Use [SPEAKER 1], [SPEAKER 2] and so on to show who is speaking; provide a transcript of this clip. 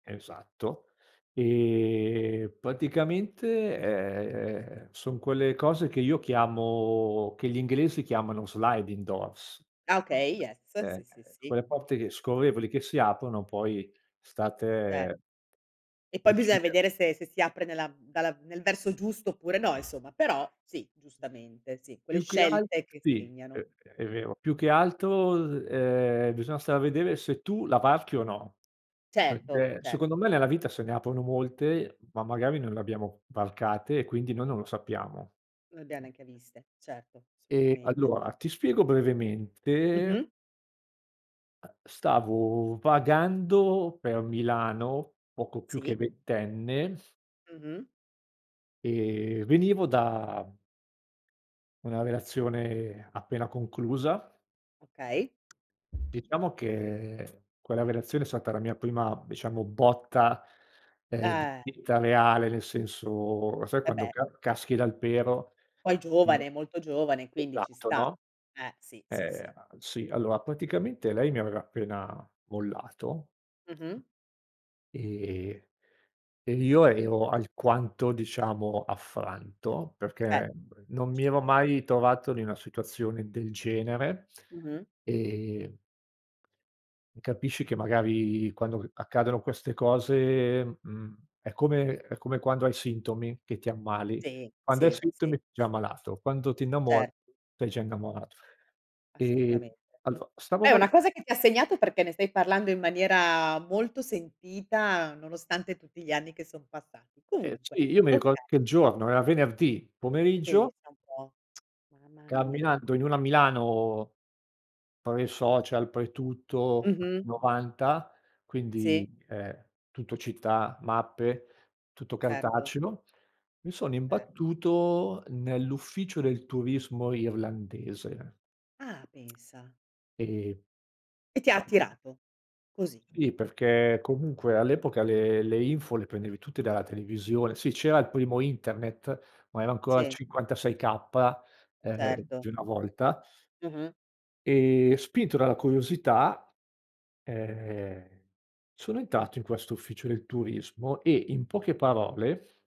[SPEAKER 1] Esatto, e, praticamente, ehm, son quelle cose che io chiamo che gli inglesi chiamano, sliding doors
[SPEAKER 2] Ah, okay, yes. Sì,
[SPEAKER 1] eh,
[SPEAKER 2] sì,
[SPEAKER 1] e
[SPEAKER 2] sì.
[SPEAKER 1] quelle porte che scorrevoli che si aprono poi, sta a
[SPEAKER 2] Cer
[SPEAKER 1] te
[SPEAKER 2] E poi bisogna
[SPEAKER 1] decidere.
[SPEAKER 2] vedere se se si apre nella mhmm, dalla mhmm, nel verso giusto oppure no, insomma, però sì, giustamente, sì, quelle
[SPEAKER 1] Più che alt
[SPEAKER 2] scelte che
[SPEAKER 1] sì,
[SPEAKER 2] segnano.
[SPEAKER 1] ehm, è vero. Più che altro, [unintelligible] ehm, bisogna stare a vedere se tu la varchi o no,
[SPEAKER 2] Certo,
[SPEAKER 1] perché,
[SPEAKER 2] cer
[SPEAKER 1] secondo me, nella vita, se ne aprono molte, ma magari non le abbiamo f varcate e, quindi, noi non lo sappiamo.
[SPEAKER 2] Non le abbiamo neanche viste, certo,
[SPEAKER 1] E
[SPEAKER 2] assolutamente.
[SPEAKER 1] allora, ti spiego brevemente
[SPEAKER 2] Mh-mh.
[SPEAKER 1] ehm, stavo vagando per Milano, poco più
[SPEAKER 2] Sì.
[SPEAKER 1] che ventenne
[SPEAKER 2] Mh-mh.
[SPEAKER 1] e venivo da, mhmm una relazione appena conclusa.
[SPEAKER 2] Okay.
[SPEAKER 1] Diciamo che, quella relazione è stata la mia prima, diciamo, botta, ehm, di
[SPEAKER 2] Eh.
[SPEAKER 1] vita reale. Nel senso, lo sai
[SPEAKER 2] Eh
[SPEAKER 1] quando
[SPEAKER 2] beh.
[SPEAKER 1] ca caschi dal pero
[SPEAKER 2] Poi
[SPEAKER 1] e
[SPEAKER 2] giovane, molto giovane, quindi ci
[SPEAKER 1] esatto,
[SPEAKER 2] sta.
[SPEAKER 1] no,
[SPEAKER 2] Eh, sì, sì,
[SPEAKER 1] ehm,
[SPEAKER 2] sì.
[SPEAKER 1] al sì, allora, praticamente, lei mi aveva appena mollato
[SPEAKER 2] Mh-mh.
[SPEAKER 1] e e io ero alquanto, diciamo, affranto,
[SPEAKER 2] Beh.
[SPEAKER 1] perché non mi
[SPEAKER 2] Ci
[SPEAKER 1] ero
[SPEAKER 2] credo.
[SPEAKER 1] mai trovato in una situazione del genere,
[SPEAKER 2] Mh-mh.
[SPEAKER 1] ehm e capisci che, magari, quando, uhm, accadono queste cose, mhmm, è come è come quando hai sintomi, che ti ammali.
[SPEAKER 2] Sì,
[SPEAKER 1] Quando hai
[SPEAKER 2] sì, sì.
[SPEAKER 1] sintomi, già ammalato, quando ti innamori,
[SPEAKER 2] Certo.
[SPEAKER 1] sei già innamorato. E,
[SPEAKER 2] Assolutamente.
[SPEAKER 1] allo stavo
[SPEAKER 2] È
[SPEAKER 1] val
[SPEAKER 2] una cosa che ti ha segnato, perché ne stai parlando in maniera molto sentita, nonostante tutti gli anni che son passati.
[SPEAKER 1] Eh
[SPEAKER 2] Comunque,
[SPEAKER 1] sì, io mi ricordo
[SPEAKER 2] okay.
[SPEAKER 1] che il giorno, era venerdì pomeriggio,
[SPEAKER 2] Pensa un po'. Mamma mia.
[SPEAKER 1] camminando in una Milano pre-social, pre-tutto, anni
[SPEAKER 2] Mh-mh.
[SPEAKER 1] '90, quindi,
[SPEAKER 2] Sì.
[SPEAKER 1] eh, Tuttocittà, mappe, tutto
[SPEAKER 2] Certo.
[SPEAKER 1] cartaceo, mi sono
[SPEAKER 2] Cer
[SPEAKER 1] imbattuto nell'ufficio del turismo irlandese.
[SPEAKER 2] Ah, pensa.
[SPEAKER 1] E,
[SPEAKER 2] E ti ha
[SPEAKER 1] sai
[SPEAKER 2] attirato, così.
[SPEAKER 1] Sì, perché, comunque, all'epoca le le info le prendevi tutte dalla televisione sì, c'era il primo internet, ma era ancora il
[SPEAKER 2] Sì.
[SPEAKER 1] 56K, ehm,
[SPEAKER 2] Certo.
[SPEAKER 1] di una volta
[SPEAKER 2] Mh-mh.
[SPEAKER 1] e spinto dalla curiosità, ehm, sono entrato in questo ufficio del turismo, e in poche parole